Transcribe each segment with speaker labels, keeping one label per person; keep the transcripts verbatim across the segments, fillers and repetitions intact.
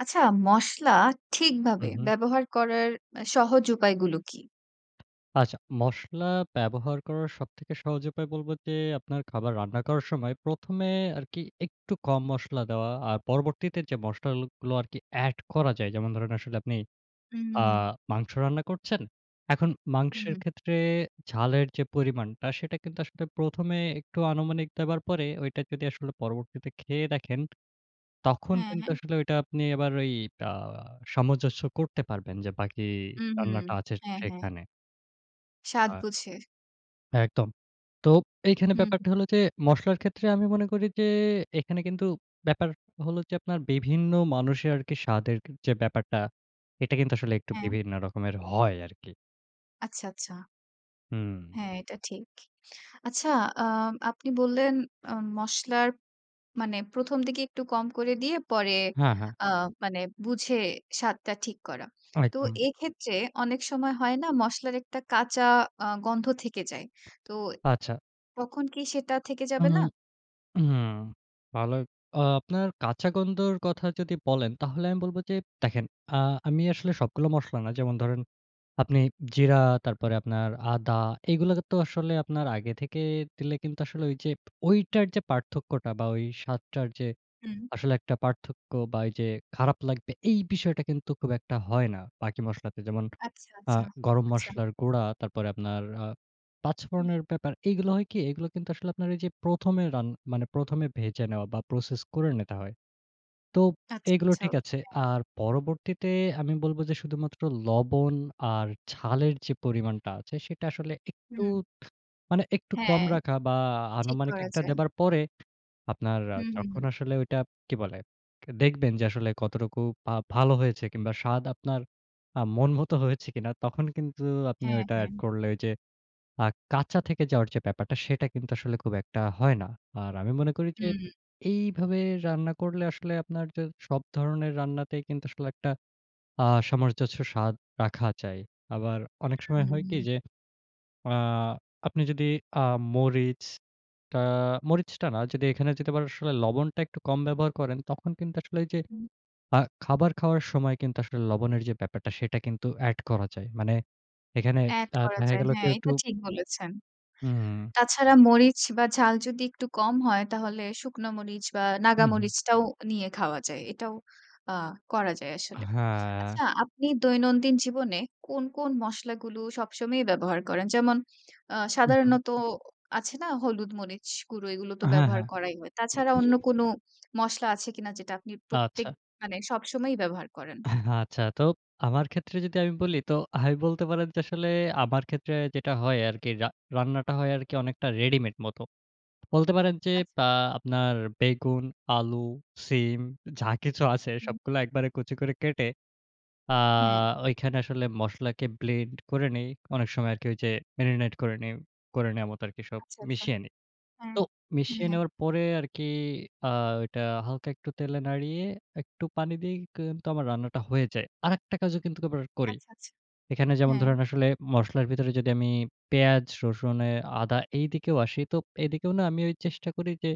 Speaker 1: আচ্ছা, মসলা
Speaker 2: হু,
Speaker 1: ঠিকভাবে
Speaker 2: হু।
Speaker 1: ব্যবহার করার আ সহজ উপায়গুলো কী?
Speaker 2: আচ্ছা, মশলা ব্যবহার করার সবথেকে সহজ উপায় বলবো যে আপনার খাবার রান্না করার সময় প্রথম এ আরকি একটু কম মসলা দেওয়া। আর পরবর্তীতে যে মসলালগুলো আরকি এড করা যায়, যেমন ধরেন আসলে আপনি আ
Speaker 1: হুম।
Speaker 2: মাংস রান্না করছেন। এখন
Speaker 1: হু,
Speaker 2: মাংসের
Speaker 1: হু।
Speaker 2: ক্ষেত্রে ঝালের যে পরিমাণটা, সেটা কিন্তু আসলে প্রথম এ একটু আনুমানিক দেবার পরে, ওইটা যদি আসলে পরবর্তীতে খেয়ে দেখেন, তখন
Speaker 1: হ্যাঁ,
Speaker 2: কিন্তু
Speaker 1: হ্যাঁ।
Speaker 2: আসলে ঐটা আপনি এবার ওই আ সামঞ্জস্য করতে পারবেন যে বাকি
Speaker 1: হুম, হুম।
Speaker 2: রান্নাটা আছে সে
Speaker 1: হ্যাঁ, হ্যাঁ।
Speaker 2: সেখানে।
Speaker 1: স্বাদ
Speaker 2: আ
Speaker 1: বুঝে।
Speaker 2: একদম। তো এইখানে
Speaker 1: হুম।
Speaker 2: ব্যাপারটা হলো যে মসলার ক্ষেত্রে আমি মনে করি যে এখানে কিন্তু ব্যাপার হলো যে আপনার বিভিন্ন মানুষের আরকি স্বাদের কে যে ব্যাপারটা, এটা কিন্তু আসলে একটু
Speaker 1: হ্যাঁ।
Speaker 2: বিভিন্ন রকমের হয় আরকি।
Speaker 1: আচ্ছা, আচ্ছা।
Speaker 2: হুম।
Speaker 1: হ্যাঁ, এটা ঠিক। আচ্ছা আ আপনি বললেন আ মশলার মানে প্রথম দিকে একটু কম করে দিয়ে, পরে
Speaker 2: হ্যাঁ, হ্যাঁ।
Speaker 1: আ মানে বুঝে স্বাদটা ঠিক করা। তো
Speaker 2: একদম।
Speaker 1: এক্ষেত্রে অনেক সময় হয় না? মশলার একটা কাঁচা আ গন্ধ থেকে যায়। তো
Speaker 2: আচ্ছা।
Speaker 1: তখন কি সেটা থেকে যাবে
Speaker 2: উম
Speaker 1: না?
Speaker 2: হুম। ভালোই আ আপনার কাঁচা গন্ধর কথা যদি বলেন, তাহলে আমি বলবো যে দেখেন, আ আমি আসলে সবগুলো মসলা না। যেমন ধরেন আপনি জিরা, তারপরে আপনার আদা, এগুলাতে তো আসলে আপনার আগে থেকে দিলে কিন্তু আসলে ওইযে ওইটার যে পার্থক্যটা বা, ওই স্বাদটার যে
Speaker 1: হু।
Speaker 2: আসলে একটা পার্থক্য বা, ওইযে খারাপ লাগবে, এই বিষয়টা কিন্তু খুব একটা হয় না বাকি মশলাতে। যেমন
Speaker 1: আচ্ছা,
Speaker 2: আ
Speaker 1: আচ্ছা,
Speaker 2: গরম
Speaker 1: আচ্ছা।
Speaker 2: মসলার গুঁড়া, তারপরে আপনার আ পাঁচ
Speaker 1: হু।
Speaker 2: ফোড়নের ব্যাপার এগুলো হয় কি? এগুলো কিন্তু আসলে আপনার এইযে প্রথম এ রান মানে প্রথম এ ভেজে নেওয়া বা, প্রসেস করে নিতে হয়। তো
Speaker 1: আচ্ছা,
Speaker 2: এগুলো
Speaker 1: আচ্ছা।
Speaker 2: ঠিক
Speaker 1: ও
Speaker 2: আছে।
Speaker 1: হ্যাঁ।
Speaker 2: আর পরবর্তীতে আমি বলবো যে শুধুমাত্র লবণ আর ঝালের যে পরিমাণটা আছে, সেটা আসলে একটু
Speaker 1: হুম।
Speaker 2: মানে একটু কম
Speaker 1: হ্যাঁ।
Speaker 2: রাখা বা, আ
Speaker 1: ঠিক
Speaker 2: আনুমানিক
Speaker 1: করা
Speaker 2: একটা
Speaker 1: যায়।
Speaker 2: দেবার পরে আপনার আ
Speaker 1: হু, হু,
Speaker 2: যখন
Speaker 1: হু।
Speaker 2: আসলে ওইটা কি বলে? কে দেখবেন যে আসলে কতটুকু বা ভালো হয়েছে কিংবা স্বাদ আপনার আ মন মত হয়েছে কিনা? তখন কিন্তু আপনি
Speaker 1: হ্যাঁ,
Speaker 2: ওইটা এড
Speaker 1: হ্যাঁ।
Speaker 2: করলে ওইযে আ কাঁচা থেকে যাওয়ার যে ব্যাপারটা, সেটা কিন্তু আসলে খুব একটা হয় না। আর আমি মনে করি যে
Speaker 1: হুম।
Speaker 2: এইভাবে রান্না করলে আসলে আপনার যা সব ধরনের রান্নাতেই কিন্তু আসলে একটা আ সামরজস্ব স্বাদ রাখা যায়। আবার অনেক
Speaker 1: হু,
Speaker 2: সময়
Speaker 1: হু,
Speaker 2: হয়
Speaker 1: হু।
Speaker 2: কি? যে আ আপনি যদি আ মরিচটা মরিচটা না যদি এখানে যদি আবার আসলে লবণটা একটু কম ব্যবহার করেন, তখন কিন্তু আসলে ওইযে
Speaker 1: হুম।
Speaker 2: আ খাবার খাওয়ার সময় কিন্তু আসলে লবণের যে ব্যাপারটা, সেটা কিন্তু এড করা যায়। মানে এখানে
Speaker 1: এড
Speaker 2: আ
Speaker 1: করা
Speaker 2: দেখা
Speaker 1: যায়।
Speaker 2: গেলো কি
Speaker 1: হ্যাঁ,
Speaker 2: একটু
Speaker 1: এটা ঠিক বলেছেন।
Speaker 2: হুম।
Speaker 1: তাছাড়া মরিচ বা, ঝাল যদি একটু কম হয়, তাহলে শুকনো মরিচ বা,
Speaker 2: হু,
Speaker 1: নাগা
Speaker 2: হু।
Speaker 1: মরিচটাও নিয়ে খাওয়া যায়। এটাও আ করা যায়
Speaker 2: আ
Speaker 1: আসলে।
Speaker 2: হ্যাঁ।
Speaker 1: আচ্ছা, আপনি দৈনন্দিন জীবনে কোন, কোন মসলাগুলো সবসময়ই ব্যবহার করেন? যেমন আ
Speaker 2: হু, হু।
Speaker 1: সাধারণত আছে না? হলুদ, মরিচ গুঁড়ো এগুলো তো
Speaker 2: হ্যাঁ,
Speaker 1: ব্যবহার
Speaker 2: হ্যাঁ।
Speaker 1: করাই হয়।
Speaker 2: উম
Speaker 1: তাছাড়া
Speaker 2: জি।
Speaker 1: অন্য কোন মশলা আছে কিনা যেটা আপনি প্রত্যেক
Speaker 2: আচ্ছা।
Speaker 1: মানে সবসময়ই ব্যবহার করেন?
Speaker 2: আচ্ছা। তো আমার ক্ষেত্রে যদি আমি বলি তো আমি বলতে পারেন যে আসলে আমার ক্ষেত্রে যেটা হয় আরকি রা রান্নাটা হয় আরকি অনেকটা রেডিমেড মত। বলতে পারেন যে
Speaker 1: আচ্ছা।
Speaker 2: আ আপনার বেগুন, আলু, সিম, যা কিছু আছে
Speaker 1: হু।
Speaker 2: সবগুলো একবারে কুচি করে কেটে আ
Speaker 1: হ্যাঁ।
Speaker 2: ওইখানে আসলে মসলাকে ব্লেন্ড করে নিই। অনেক সময় আরকি ওইযে marinate করে নেই করে নেয়া মতো আরকি সব
Speaker 1: আচ্ছা, আচ্ছা।
Speaker 2: মিশিয়ে নিই।
Speaker 1: হ্যাঁ।
Speaker 2: তো
Speaker 1: হ্যাঁ,
Speaker 2: মিশিয়ে
Speaker 1: হ্যাঁ।
Speaker 2: নেওয়ার পরে আরকি আ ওইটা হালকা একটু তেলে নাড়িয়ে একটু পানি দিয়েই কি কিন্তু আমার রান্নাটা হয়ে যায়। আরেকটা কাজও কিন্তু আবার করি।
Speaker 1: আচ্ছা, আচ্ছা।
Speaker 2: এখানে যেমন
Speaker 1: হ্যাঁ।
Speaker 2: ধরেন আসলে মসলার ভিতরে যদি আমি পেঁয়াজ, রসুন এ আদা, এইদিকেও আসি, তো এদিকেও না আমি ওই চেষ্টা করি যে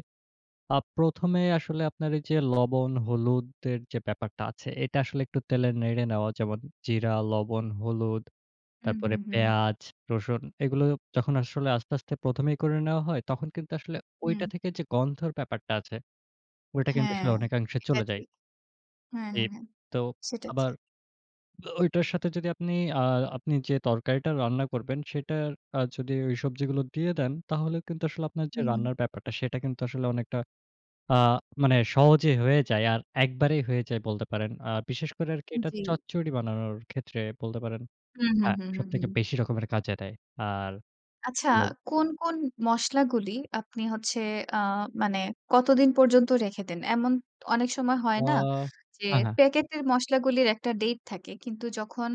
Speaker 2: আ প্রথম এ আসলে আপনার এইযে লবণ, হলুদের যে ব্যাপারটা আছে, এটা আসলে একটু তেলে নেড়ে নেওয়া। যেমন জিরা, লবণ, হলুদ,
Speaker 1: হু, হু,
Speaker 2: তারপরে
Speaker 1: হু।
Speaker 2: পেঁয়াজ, রসুন, এগুলো যখন আসলে আস্তে, আস্তে প্রথম এই করে নেওয়া হয়। তখন কিন্তু আসলে ওইটা
Speaker 1: হু।
Speaker 2: থেকে যে গন্ধর ব্যাপারটা আছে, ওইটা কিন্তু
Speaker 1: হ্যাঁ,
Speaker 2: আসলে অনেকাংশে
Speaker 1: এটা
Speaker 2: চলে যায়।
Speaker 1: ঠিক। হ্যাঁ,
Speaker 2: এই
Speaker 1: হ্যাঁ, হ্যাঁ,
Speaker 2: তো
Speaker 1: সেটা
Speaker 2: আবার
Speaker 1: ঠিক।
Speaker 2: ও ওইটার সাথে যদি আপনি আ আপনি যে তরকারিটা রান্না করবেন সেটার আ যদি ওই সবজিগুলো দিয়ে দেন, তাহলে কিন্তু আসলে আপনার যে
Speaker 1: হু, হু।
Speaker 2: রান্নার ব্যাপারটা, সেটা কিন্তু আসলে অনেকটা আ মানে সহজেই হয়ে যায়। আর একবারেই হয়ে যায় বলতে পারেন। আ বিশেষ করে আরকি এটা
Speaker 1: জি।
Speaker 2: চচ্চড়ি বানানোর ক্ষেত্রে বলতে পারেন
Speaker 1: হু, হু,
Speaker 2: হ্যাঁ,
Speaker 1: হু, হু,
Speaker 2: সবথেকে
Speaker 1: হু।
Speaker 2: বেশি রকমের কাজ দেয়। আর
Speaker 1: আচ্ছা,
Speaker 2: লব
Speaker 1: কোন, কোন মসলাগুলি আপনি হচ্ছে আ মানে কতদিন পর্যন্ত রেখে দেন? এমন অনেক সময়
Speaker 2: আ
Speaker 1: হয় না? যে
Speaker 2: আ হ্যাঁ।
Speaker 1: প্যাকেটের মশলাগুলির একটা ডেইট থাকে। কিন্তু যখন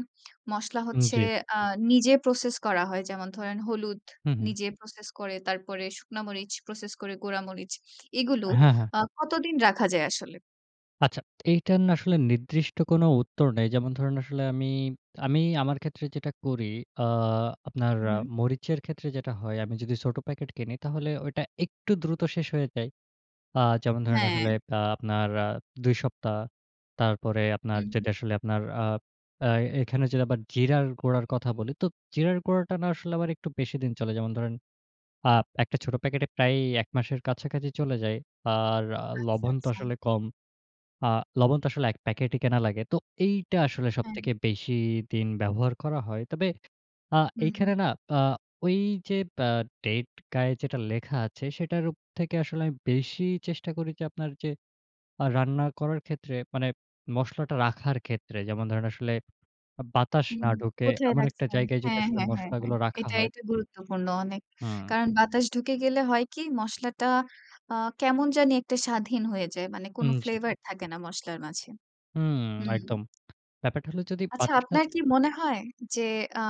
Speaker 1: মসলা
Speaker 2: উম
Speaker 1: হচ্ছে
Speaker 2: জি।
Speaker 1: আ নিজে প্রসেস করা হয়, যেমন ধরেন হলুদ
Speaker 2: হু, হু।
Speaker 1: নিজে প্রসেস করে, তারপরে শুকনা মরিচ প্রসেস করে, গুড়া মরিচ, এগুলো
Speaker 2: হ্যাঁ, হ্যাঁ।
Speaker 1: আ কতদিন রাখা যায় আসলে?
Speaker 2: আচ্ছা এইটার না আসলে নির্দিষ্ট কোন উত্তর নেই। যেমন ধরুন আসলে আমি, আমি আমার ক্ষেত্রে যেটা করি আ আপনার
Speaker 1: উ
Speaker 2: আ
Speaker 1: হুম।
Speaker 2: মরিচের ক্ষেত্রে যেটা হয় আমি যদি ছোট প্যাকেট কিনি তাহলে ওইটা একটু দ্রুত শেষ হয়ে যায়। আ যেমন ধরেন
Speaker 1: হ্যাঁ।
Speaker 2: আসলে আ আপনার আ দুই সপ্তাহ। তারপরে আপনার
Speaker 1: উম হু।
Speaker 2: যদি আসলে আপনার আ আ এখানে যদি আবার জিরার গুঁড়ার কথা বলি। তো জিরার গুঁড়াটা না আসলে আমার একটু বেশি দিন চলে। যেমন ধরেন আ এক টা ছোট প্যাকেটে প্রায়ই এক মাসের কাছাকাছি চলে যায়। আর আ
Speaker 1: আচ্ছা,
Speaker 2: লবণ তো
Speaker 1: আচ্ছা।
Speaker 2: আসলে কম। আ লবণ তো আসলে এক প্যাকেটই কেনা লাগে। তো এইটা আসলে
Speaker 1: হ্যাঁ।
Speaker 2: সবথেকে বেশি দিন ব্যবহার করা হয়। তবে আ
Speaker 1: হুম, হুম।
Speaker 2: এইখানে না আ ওই যে আ ডেট গায়ে যেটা লেখা আছে সেটারও থেকে আসলে আমি বেশি চেষ্টা করি যে আপনার যে আ রান্না করার ক্ষেত্রে মানে মসলাটা রাখার ক্ষেত্রে যেমন ধরেন আসলে আ বাতাস
Speaker 1: হুম।
Speaker 2: না ঢুকে
Speaker 1: কোথায়
Speaker 2: এমন একটা
Speaker 1: রাখছেন?
Speaker 2: জায়গায় যদি
Speaker 1: হ্যাঁ,
Speaker 2: আসলে
Speaker 1: হ্যাঁ, হ্যাঁ, হ্যাঁ।
Speaker 2: মসলাগুলো রাখা
Speaker 1: এটা,
Speaker 2: হয়
Speaker 1: এটা গুরুত্বপূর্ণ অনেক।
Speaker 2: হুম।
Speaker 1: কারণ বাতাস ঢুকে গেলে হয় কি মসলাটা আ কেমন জানি একটা স্বাদহীন হয়ে যায়। মানে কোন
Speaker 2: উম জি।
Speaker 1: flavored থাকে না মসলার মাঝে।
Speaker 2: উম
Speaker 1: হুম।
Speaker 2: একদম। ব্যাপারটা হলো যদি
Speaker 1: আচ্ছা
Speaker 2: বাতাস না
Speaker 1: আপনার কি মনে হয় যে আ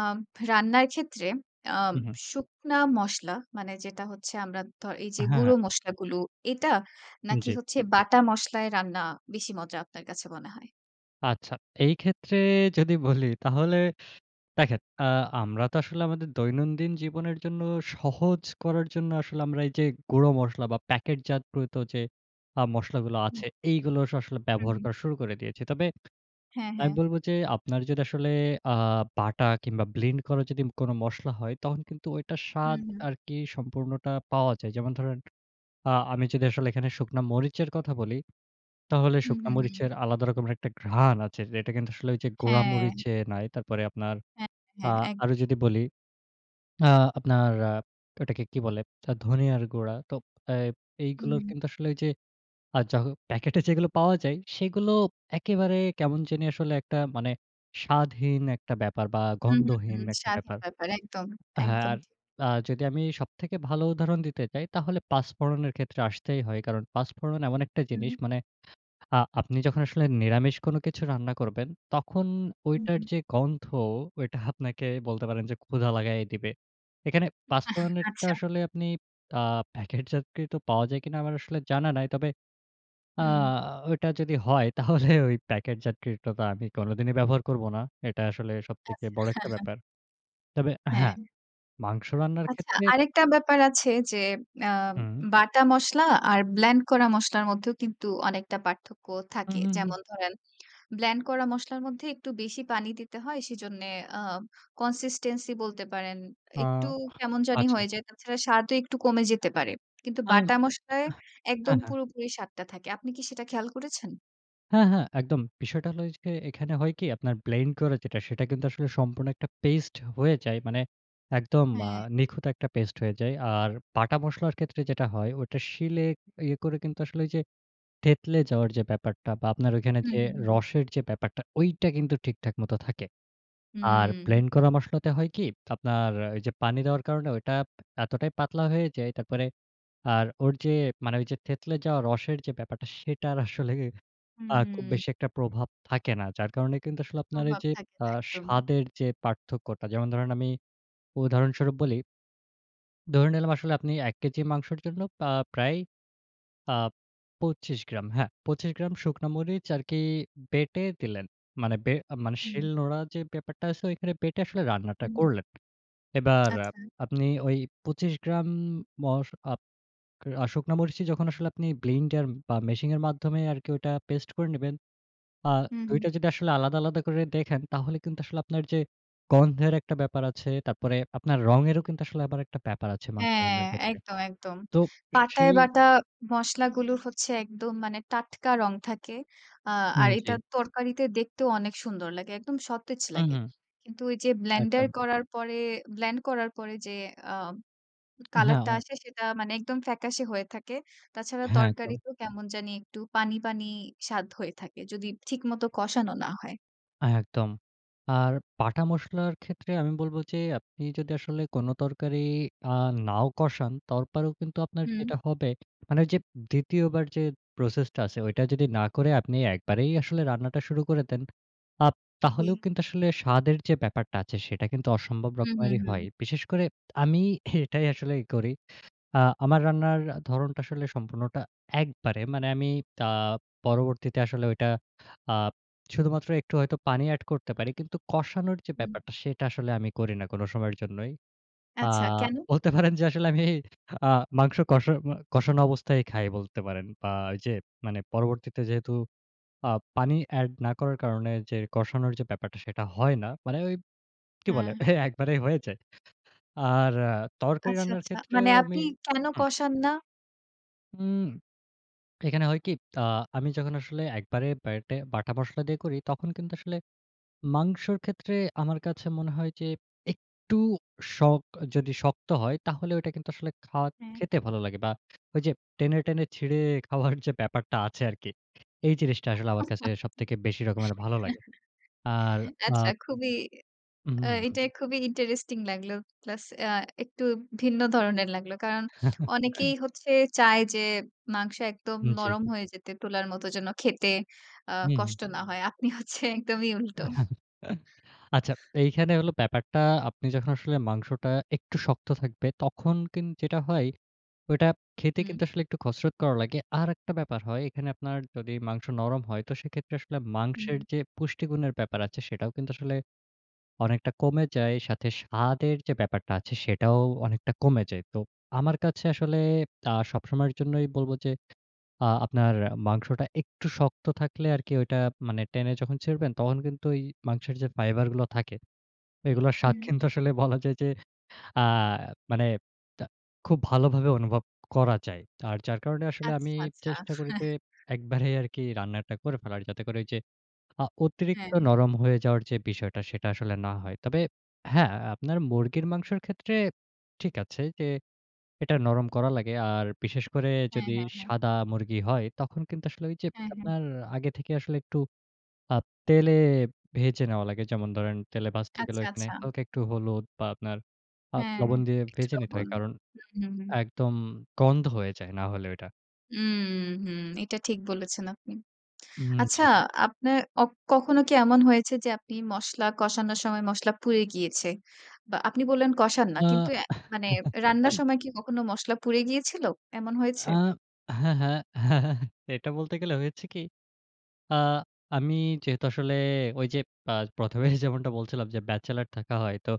Speaker 1: রান্নার ক্ষেত্রে আ
Speaker 2: হু, হু।
Speaker 1: শুকনা মশলা মানে যেটা হচ্ছে আমরা ধ এই যে
Speaker 2: হ্যাঁ,
Speaker 1: গুঁড়ো
Speaker 2: হ্যাঁ।
Speaker 1: মশলা গুলো এটা? নাকি
Speaker 2: জি।
Speaker 1: হচ্ছে বাটা মশলায় রান্না বেশি মজা আপনার কাছে মনে হয়?
Speaker 2: আচ্ছা। এইক্ষেত্রে যদি বলি, তাহলে দেখেন, আ আমরা তো আসলে আমাদের দৈনন্দিন জীবনের জন্য সহজ করার জন্য, আসলে আমরা এইযে গুঁড়ো মশলা বা, প্যাকেটজাত প্রত যে আ মসলাগুলো আছে,
Speaker 1: হুম।
Speaker 2: এইগুলো আস আসলে
Speaker 1: হুম,
Speaker 2: ব্যবহার
Speaker 1: হুম।
Speaker 2: করা শুরু করে দিয়েছি। তবে
Speaker 1: হ্যাঁ,
Speaker 2: আমি
Speaker 1: হ্যাঁ।
Speaker 2: বলবো যে আপনার যদি আসলে আ বাটা কিংবা ব্লেন্ড করার যদি কোন মসলা হয়, তখন কিন্তু ওইটার স্বাদ
Speaker 1: হুম, হুম।
Speaker 2: আরকি সম্পূর্ণটা পাওয়া যায়। যেমন ধরেন, আ আমি যদি আসলে এখানে শুকনা মরিচের কথা বলি, তাহলে
Speaker 1: হুম,
Speaker 2: শুকনা
Speaker 1: হুম, হুম।
Speaker 2: মরিচের আলাদা রকমের একটা ঘ্রাণ আছে। যেটা কিন্তু আসলে ঐযে গুড়া
Speaker 1: হ্যাঁ।
Speaker 2: মরিচে নাই। তারপরে আপনার
Speaker 1: হ্যাঁ,
Speaker 2: আ
Speaker 1: হ্যাঁ, হ্যাঁ, এক
Speaker 2: আরো যদি বলি, আ আপনার আ এটাকে কি বলে? ধ ধনিয়ার গুঁড়া। তো এ এইগুলোর
Speaker 1: হুম।
Speaker 2: কিন্তু আসলে আ য প্যাকেটে যেগুলো পাওয়া যায়, সেগুলো একেবারে কেমন জানি আসলে একটা, মানে স্বাদহীন একটা ব্যাপার বা
Speaker 1: হুম, হুম,
Speaker 2: গন্ধহীন
Speaker 1: হুম।
Speaker 2: একটা
Speaker 1: স্বাধীন
Speaker 2: ব্যাপার।
Speaker 1: ব্যাপার, একদম।
Speaker 2: হ্যাঁ,
Speaker 1: একদম
Speaker 2: আর
Speaker 1: ঠিক।
Speaker 2: যদি আমি সবথেকে ভালো উদাহরণ দিতে চাই তাহলে পাঁচ ফোড়নের ক্ষেত্রে আসতেই হয়। কারণ পাঁচ ফোড়ন এমন একটা জিনিস
Speaker 1: হু।
Speaker 2: মানে আ আপনি যখন আসলে নিরামিষ কোন কিছু রান্না করবেন, তখন
Speaker 1: হু,
Speaker 2: ঐটার
Speaker 1: হুম।
Speaker 2: যে গন্ধ, ওইটা আপনাকে বলতে পারেন যে ক্ষুধা লাগায়ে দিবে। এখানে পাঁচ
Speaker 1: আহ
Speaker 2: ফোড়নেরটা
Speaker 1: আচ্ছা।
Speaker 2: আসলে আপনি আ প্যাকেটজাতকৃত পাওয়া যায় কিনা আমার আসলে জানা নাই। তবে আ
Speaker 1: হুম।
Speaker 2: ঐটা যদি হয়, তাহলে ওই প্যাকেটজাতকৃতটা আমি কোনোদিনই ব্যবহার করবো না। এটা আসলে সবথেকে
Speaker 1: আচ্ছা।
Speaker 2: বড় একটা ব্যাপার। তবে
Speaker 1: হ্যাঁ।
Speaker 2: হ্যাঁ, মাংস রান্নার
Speaker 1: আচ্ছা,
Speaker 2: ক্ষেত্রে
Speaker 1: আরেকটা ব্যাপার আছে যে, আম
Speaker 2: হুম।
Speaker 1: বাটা মসলা আর ব্লেন্ড করা মসলার মধ্যেও কিন্তু অনেকটা পার্থক্য
Speaker 2: হুম,
Speaker 1: থাকে।
Speaker 2: হুম, হুম।
Speaker 1: যেমন ধরেন, ব্লেন্ড করা মসলার মধ্যে একটু বেশি পানি দিতে হয়। সেজন্যে অ্যা consistency বলতে পারেন
Speaker 2: আ
Speaker 1: একটু কেমন জানি
Speaker 2: আচ্ছা।
Speaker 1: হয়ে যায়। তাছাড়া স্বাদও একটু কমে যেতে পারে। কিন্তু
Speaker 2: আ হা
Speaker 1: বাটা মশলায়
Speaker 2: হ্যাঁ,
Speaker 1: একদম
Speaker 2: হ্যাঁ।
Speaker 1: পুরোপুরি স্বাদটা থাকে। আপনি কি সেটা খেয়াল করেছেন?
Speaker 2: হ্যাঁ, হ্যাঁ। একদম। বিষয়টা হইলো ওইয গে এখানে হয় কি আপনার ব্লেন্ড করে যেটা সেটা কিন্তু আসলে সম্পূর্ণ একটা পেইস্ট হয়ে যায়। মানে একদম আ
Speaker 1: হ্যাঁ।
Speaker 2: নিখুঁত একটা পেস্ট হয়ে যায়। আর বাটা মসলার ক্ষেত্রে যেটা হয়, ওইটা শিলে ইয়ে করে কিন্তু আসলে ওই যে থেতলে যাওয়ার যে ব্যাপারটা বা আপনার ঐখানে
Speaker 1: হুম,
Speaker 2: যে
Speaker 1: হুম, হুম।
Speaker 2: রসের যে ব্যাপারটা ঐটা কিন্তু ঠিকঠাক মতো থাকে। আর
Speaker 1: হুম।
Speaker 2: ব্লেন্ড করা মশলাতে হয় কি আপনার আ ওইযে পানি দেওয়ার কারণে ঐটা এতটাই পাতলা হয়ে যায়, তারপরে আর ওর যে মানে ওইযে থেতলে যাওয়া রসের যে ব্যাপারটা সেটার আসলেই আ খুব
Speaker 1: হুম।
Speaker 2: বেশি একটা প্রভাব থাকে না। যার কারণে কিন্তু আসলে আপনার
Speaker 1: প্রভাব
Speaker 2: এইযে
Speaker 1: থাকে
Speaker 2: আ
Speaker 1: তা একদমই।
Speaker 2: স্বাদের যে পার্থক্যটা। যেমন ধরেন, আমি উদাহরণস্বরূপ বলি ধরে নিলাম আসলে আপনি এক কেজি মাংসর জন্য পা প্রায় আ পঁচিশ গ্রাম হ্যাঁ, পঁচিশ গ্রাম শুকনা মরিচ আরকি বেঁটে দিলেন। মানে বে মানে
Speaker 1: হুম।
Speaker 2: শিলনোড়া যে ব্যাপারটা আছে ওইখানে বেটে আসলে রান্নাটা
Speaker 1: হু, হু।
Speaker 2: করলেন। এবার আ
Speaker 1: আচ্ছা।
Speaker 2: আপনি ওই পঁচিশ গ্রাম, মশ আপ আ শুকনা মরিচই যখন আসলে আপনি ব্লেন্ডার বা মেশিনের মাধ্যমে আরকি ওইটা পেস্ট করে নিবেন। আ
Speaker 1: হু,
Speaker 2: দুই
Speaker 1: হু।
Speaker 2: টা যদি আসলে আলাদা, আলাদা করে দেখেন তাহলে কিন্তু আসলে আপনার যে গন্ধের একটা ব্যাপার আছে। তারপরে আপনার রঙেরও কিন্তু আসলে আবার একটা ব্যাপার আছে মাংস
Speaker 1: হ্যাঁ,
Speaker 2: রান্নার ক্ষেত্রে।
Speaker 1: একদম, একদম।
Speaker 2: তো
Speaker 1: পাটায়
Speaker 2: সেই
Speaker 1: বাটা মসলাগুলো হচ্ছে একদম মানে টাটকা রং থাকে। আ
Speaker 2: হুম,
Speaker 1: আর এটা
Speaker 2: জি।
Speaker 1: তরকারিতে দেখতেও অনেক সুন্দর লাগে। একদম সতেজ
Speaker 2: হু,
Speaker 1: লাগে।
Speaker 2: হু।
Speaker 1: কিন্তু ওইযে ব্লেন্ডার
Speaker 2: একদম।
Speaker 1: করার পরে ব্লেন্ড করার পরে যে আ কালার টা
Speaker 2: হ্যাঁ।
Speaker 1: আসে, সেটা মানে একদম ফ্যাকাশে হয়ে থাকে। তাছাড়া
Speaker 2: হ্যাঁ। একদম।
Speaker 1: তরকারিতে কেমন জানি একটু পানি, পানি স্বাদ হয়ে থাকে। যদি ঠিকমতো কষানো না হয়।
Speaker 2: আ একদম। আর বাটা মসলার ক্ষেত্রে আমি বলব যে আপনি যদি আসলে কোন তরকারি, আ নাও কষান, তাউরপরেও কিন্তু আপনার
Speaker 1: হুম।
Speaker 2: যেটা হবে, মানে যে দ্বিতীয় বার যে প্রসেস টা আছে ঐটা যদি না করে আপনি একবারেই আসলে রান্নাটা শুরু করে দেন, আপ তাহলেও
Speaker 1: জী।
Speaker 2: কিন্তু আসলে স্বাদের যে ব্যাপারটা আছে, সেটা কিন্তু অসম্ভব
Speaker 1: উম হু,
Speaker 2: রকমেরই হয়।
Speaker 1: হু।
Speaker 2: বিশেষ করে আমি এটাই আসলে ই করি। আ আমার আ রান্নার ধরনটা আসলে সম্পূর্ণটা একবারে। মানে আমি তা পরবর্তীতে আসলে ঐটা, আ শুধুমাত্র একটু হয়তো পানি এড করতে পারি। কিন্তু কষানোর যে
Speaker 1: হুম।
Speaker 2: ব্যাপারটা সেটা আসলে আমি করিনা কোন সময়ের জন্যই। আ
Speaker 1: আচ্ছা, কেন?
Speaker 2: বলতে পারেন যে আসলে আমি, আ মাংস কষা মো কষানো অবস্থাই খাই বলতে পারেন। বা ওই যে মানে পরবর্তীতে যেহেতু আ পানি এড না করার কারণে যে কষানোর যে ব্যাপারটা সেটা হয় না। মানে ওই কি বলে?
Speaker 1: হ্যাঁ।
Speaker 2: এহ একবারেই হয়ে যায়। আর আ তরকারি
Speaker 1: আচ্ছা,
Speaker 2: রান্নার
Speaker 1: আচ্ছা। মানে
Speaker 2: ক্ষেত্রেও আমি
Speaker 1: আপনি কেন
Speaker 2: হুম।
Speaker 1: কষান না?
Speaker 2: উম এখানে হয় কি? আ আমি যখন আসলে একবারে ব্যাটে, বাটা মসলা দিয়ে করি, তখন কিন্তু আসলে মাংসর ক্ষেত্রে আমার কাছে মনে হয় যে একটু শখ, যদি শক্ত হয় তাহলে ঐটা কিন্তু আসলে খাওয়া,
Speaker 1: হ্যাঁ।
Speaker 2: খেতে ভালো লাগে বা ওই যে টেনে, টেনে ছিঁড়ে খাওয়ার যে ব্যাপারটা আছে আরকি। এই জিনিসটা আসলে আমার কাছে সবথেকে বেশি রকমের ভালো লাগে। আর আ
Speaker 1: আচ্ছা খুবই,
Speaker 2: উ
Speaker 1: আ
Speaker 2: হু, হু।
Speaker 1: এটা খুবই আ ইন্টারেস্টিং লাগলো। প্লাস আ একটু ভিন্ন ধরনের লাগলো। কারণ অনেকেই হচ্ছে, চায় যে মাংস একদম
Speaker 2: উম জি।
Speaker 1: নরম হয়ে যেতে, তুলার মত যেন খেতে আ
Speaker 2: হু, হু।
Speaker 1: কষ্ট না হয়। আপনি হচ্ছে একদমই উল্টো।
Speaker 2: আচ্ছা এইখানে হইলো ব্যাপারটা, আপনি যখন আসলে মাংসটা একটু শক্ত থাকবে। তখন কিন্ যেটা হয়, ওইটা খেতে
Speaker 1: হু।
Speaker 2: কিন্তু আসলে একটু খসরত করা লাগে। আরেকটা ব্যাপার হয় এখানে আপনার যদি মাংস নরম হয়, তো সেক্ষেত্রে আসলে
Speaker 1: হুম।
Speaker 2: মাংসের যে পুষ্টিগুণের ব্যাপার আছে সেটাও কিন্তু আসলে অনেকটা কমে যায়। সাথে স্বাদের যে ব্যাপারটা আছে সেটাও অনেকটা কমে যায়। তো আমার কাছে আসলে আ সবসময়ের জন্যই বলব যে, আ আপনার মাংসটা একটু শক্ত থাকলে আরকি ঐটা মানে টেনে যখন ছিড়বেন, তখন কিন্তু ওই মাংসের যে ফাইবার গুলো থাকে, এইগুলোর স্বাদ
Speaker 1: হুম।
Speaker 2: কিন্তু আসলে বলা যায় যে, আ মানে তা খুব ভালোভাবে অনুভব করা যায়। আর যার কারণে আসলে আমি
Speaker 1: আচ্ছা, আচ্ছা।
Speaker 2: চেষ্টা করি যে, একবারেই আরকি রান্নাটা করে ফেলার। যাতে করে ওইযে আ
Speaker 1: হ্যাঁ,
Speaker 2: অতিরিক্ত
Speaker 1: হ্যাঁ।
Speaker 2: নরম হয়ে যাওয়ার যে বিষয়টা সেটা আসলে না হয়। তবে হ্যাঁ, আপনার মুরগির মাংসের ক্ষেত্রে ঠিক আছে, যে এটা নরম করা লাগে। আর বিশেষ করে
Speaker 1: হ্যাঁ,
Speaker 2: যদি
Speaker 1: হ্যাঁ, হ্যাঁ।
Speaker 2: সাদা মুরগি হয়, তখন কিন্তু আসলে ওই যে
Speaker 1: হ্যাঁ, হ্যাঁ।
Speaker 2: আপনার আগে থেকে আসলে একটু আপ তেলে ভেজে নেওয়া লাগে। যেমন দরেন তেলে ভাজতে গেলে
Speaker 1: আচ্ছা,
Speaker 2: এখানে
Speaker 1: আচ্ছা।
Speaker 2: হালকা একটু হলুদ বা আপনার আ
Speaker 1: হ্যাঁ।
Speaker 2: লবণ দিয়ে
Speaker 1: একটু
Speaker 2: ভেজে নিতে
Speaker 1: লবন।
Speaker 2: হয়। কারণ
Speaker 1: হু, হু হুম।
Speaker 2: একদম গন্ধ হয়ে যায়। না হলে ওইটা।
Speaker 1: উম, হু। এটা ঠিক বলেছেন আপনি।
Speaker 2: উম
Speaker 1: আচ্ছা,
Speaker 2: জি।
Speaker 1: আপনার অক কখনো কি এমন হয়েছে যে, আপনি মসলা কষানোর সময়, মসলা পুড়ে গিয়েছে? বা, আপনি বললেন কষান না, কিন্তু
Speaker 2: আ
Speaker 1: এ মানে রান্নার সময় কি কখনো মসলা পুড়ে গিয়েছিল? এমন হয়েছে?
Speaker 2: আ হ্যাঁ, হ্যাঁ। হ্যাঁ, হ্যাঁ। এটা বলতে গেলে হয়েছে কি? আ আমি যেহেতু আসলে ওইযে পা প্রথম এই যেমনটা বলছিলাম যে, ব্যাচেলর থাকা হয়। তো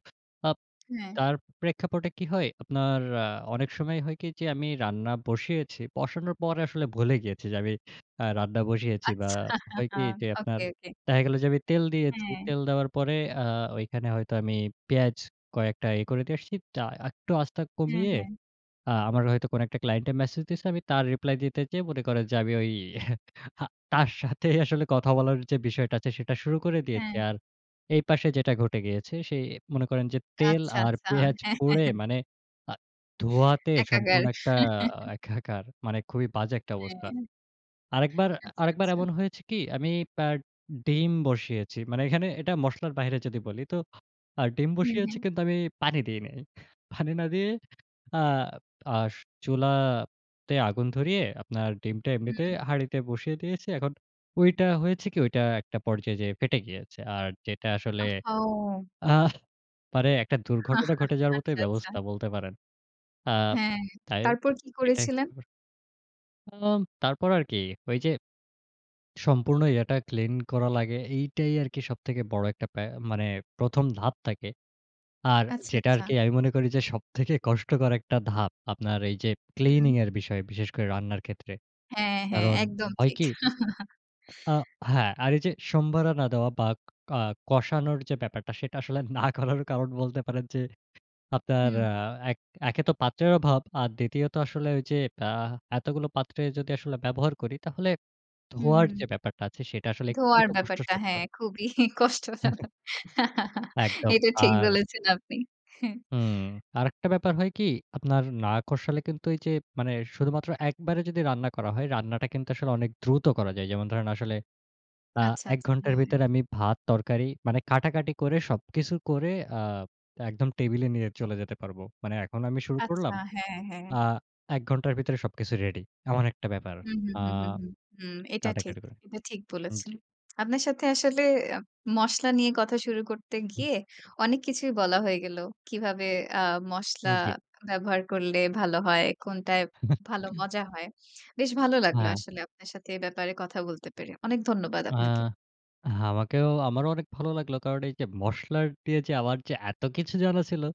Speaker 2: আপ
Speaker 1: হ্যাঁ।
Speaker 2: তার প্রেক্ষাপটে কি হয়? আপনার আ অনেক সময় হয় কি? যে, আমি রান্না বসিয়েছি। বসানোর পরে আসলে ভুলে গিয়েছি যে, আমি আ রান্না বসিয়েছি বা,
Speaker 1: আচ্ছা।
Speaker 2: হয় কি? যে, আপনার
Speaker 1: ওকে, ওকে।
Speaker 2: দেখা গেল যে, আমি তেল দিয়েছি।
Speaker 1: হ্যাঁ।
Speaker 2: তেল দেওয়ার পরে আ ওইখানে হয়তো আমি পেঁয়াজ কয়েকটা ইয়ে করে দিয়ে আসছি। তা একটু আঁচটা
Speaker 1: হ্যাঁ,
Speaker 2: কমিয়ে
Speaker 1: হ্যাঁ।
Speaker 2: আ আমার হয়তো কোনো একটা ক্লায়েন্টের মেসেজ দিয়েছে, আমি তার রিপ্লাই দিতে যেয়ে মনে করেন যে, আমি ওই আহ তার সাথে আসলে কথা বলার যে বিষয়টা আছে, সেটা শুরু করে দিয়েছি।
Speaker 1: হ্যাঁ।
Speaker 2: আর এই পাশে যেটা ঘটে গিয়েছে সেই মনে করেন যে, তেল
Speaker 1: আচ্ছা,
Speaker 2: আর
Speaker 1: আচ্ছা।
Speaker 2: পেঁয়াজ
Speaker 1: হ্যাঁ।
Speaker 2: পুড়ে মানে আ ধোয়াতে
Speaker 1: একাকর।
Speaker 2: সম্পূর্ণ একটা আ একাকার। মানে খুবই বাজে একটা
Speaker 1: হ্যাঁ।
Speaker 2: অবস্থা। আরেকবার,
Speaker 1: আচ্ছা,
Speaker 2: আরেকবার
Speaker 1: আচ্ছা।
Speaker 2: এমন হয়েছে কি? আমি পা ডিম বসিয়েছি। মানে এখানে এটা মসলার বাহিরে যদি বলি। তো আ ডিম
Speaker 1: হুম, হু।
Speaker 2: বসিয়েছি কিন্তু আমি পানি দেই নাই। পানি না দিয়ে আপ আস চুলা তে আগুন ধরিয়ে, আপনার ডিমটা এমনিতে
Speaker 1: হুম।
Speaker 2: হাড়িতে বসিয়ে দিয়েছি। এখন ঐটা হয়েছে কি? ঐটা একটা পর্যায়ে যেয়ে ফেটে গিয়েছে। আর যেটা আসলে
Speaker 1: ওহহো!
Speaker 2: আ মানে একটা দুর্ঘটনা ঘটে যাওয়ার মতোই
Speaker 1: আচ্ছা, আচ্ছা।
Speaker 2: ব্যবস্থা বলতে পারেন। আ
Speaker 1: হ্যাঁ,
Speaker 2: তাই
Speaker 1: তারপর কি
Speaker 2: এটাই
Speaker 1: করেছিলেন?
Speaker 2: [unintelligible] উ তারপর আর কি? ওইযে, সম্পূর্ণ ইয়াটা ক্লিন করা লাগে। এইটাই আরকি সবথেকে বড় একটা পে মানে প্রথম ধাপ থাকে। আর
Speaker 1: আচ্ছা,
Speaker 2: যেটা
Speaker 1: আচ্ছা।
Speaker 2: আরকি আমি মনে করি যে, সবথেকে কষ্টকর একটা ধাপ, আপনার এইযে
Speaker 1: হুম।
Speaker 2: ক্লিনিংয়ের বিষয়ে, বিশেষ করে রান্নার ক্ষেত্রে।
Speaker 1: হ্যাঁ, হ্যাঁ।
Speaker 2: কারণ
Speaker 1: একদম
Speaker 2: হয়
Speaker 1: ঠিক।
Speaker 2: কি আ হ্যাঁ, আর এই যে সম্বারানা দেওয়া বা, কা কষানোর যে ব্যাপারটা, সেটা আসলে না করার কারণ বলতে পারেন যে, আপনার
Speaker 1: হুম।
Speaker 2: আ এক, একে তো পাত্রের অভাব, আর দ্বিতীয়ত আসলে ওইযে আ এতগুলো পাত্রে যদি আসলে ব্যবহার করি, তাহলে
Speaker 1: হুম,
Speaker 2: ধোয়ার
Speaker 1: হুম।
Speaker 2: যে ব্যাপারটা আছে, সেটা আসলে একটু
Speaker 1: ধোয়ার
Speaker 2: তো
Speaker 1: ব্যাপারটা।
Speaker 2: কষ্টসাধ্য।
Speaker 1: হ্যাঁ, খুবই কষ্টজনক।
Speaker 2: একদম।
Speaker 1: এটা ঠিক
Speaker 2: আর
Speaker 1: বলেছেন আপনি। হ্যাঁ।
Speaker 2: হুম। আরেকটা ব্যাপার হয় কি? আপনার না কষালে কিন্তু, এইযে মানে শুধুমাত্র একবারে যদি রান্না করা হয়, রান্নাটা কিন্তু আসলে অনেক দ্রুত করা যায়। যেমন ধরেন আসলে আ
Speaker 1: আচ্ছা,
Speaker 2: এক
Speaker 1: আচ্ছা।
Speaker 2: ঘন্টার
Speaker 1: হ্যাঁ।
Speaker 2: ভিতরে আমি ভাত, তরকারি মানে কাটাকাটি করে সবকিছু করে আব একদম টেবিলে নিয়ে চলে যেতে পারবো। মানে এখন আমি শুরু
Speaker 1: আচ্ছা।
Speaker 2: করলাম,
Speaker 1: হ্যাঁ, হ্যাঁ।
Speaker 2: আ এক ঘন্টার ভিতরে সবকিছু রেডি। এমন একটা ব্যাপার।
Speaker 1: হুম, হুম,
Speaker 2: আ
Speaker 1: হুম, হুম। হুম। এটা ঠিক।
Speaker 2: কাটাকাটি করে।
Speaker 1: এটা ঠিক
Speaker 2: উম
Speaker 1: বলেছেন।
Speaker 2: জি।
Speaker 1: আপনার সাথে আসলে এপ মসলা নিয়ে কথা শুরু করতে
Speaker 2: হুম।
Speaker 1: গিয়ে, অনেক কিছুই বলা হয়ে গেলো। কিভাবে আ মশলা
Speaker 2: হুম। জি।
Speaker 1: ব্যবহার করলে ভালো হয়, কোনটায় ভালো
Speaker 2: হুম।
Speaker 1: মজা হয়। বেশ ভালো লাগলো
Speaker 2: হ্যাঁ।
Speaker 1: আসলে আপনার সাথে এ ব্যাপারে কথা বলতে পেরে। অনেক ধন্যবাদ
Speaker 2: আ
Speaker 1: আপনাকে।
Speaker 2: আমাকেও। আমারও অনেক ভালো লাগলো। কারণ এইযে মসলার দিয়ে যে আমার যে, এত কিছু জানা ছিলো।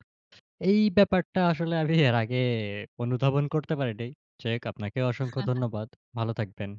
Speaker 2: এই ব্যাপারটা আসলে আমি এর আগে এ অনুধাবন করতে পারিনি। চেক আপনাকেও অসংখ্য ধন্যবাদ। ভালো থাকবেন।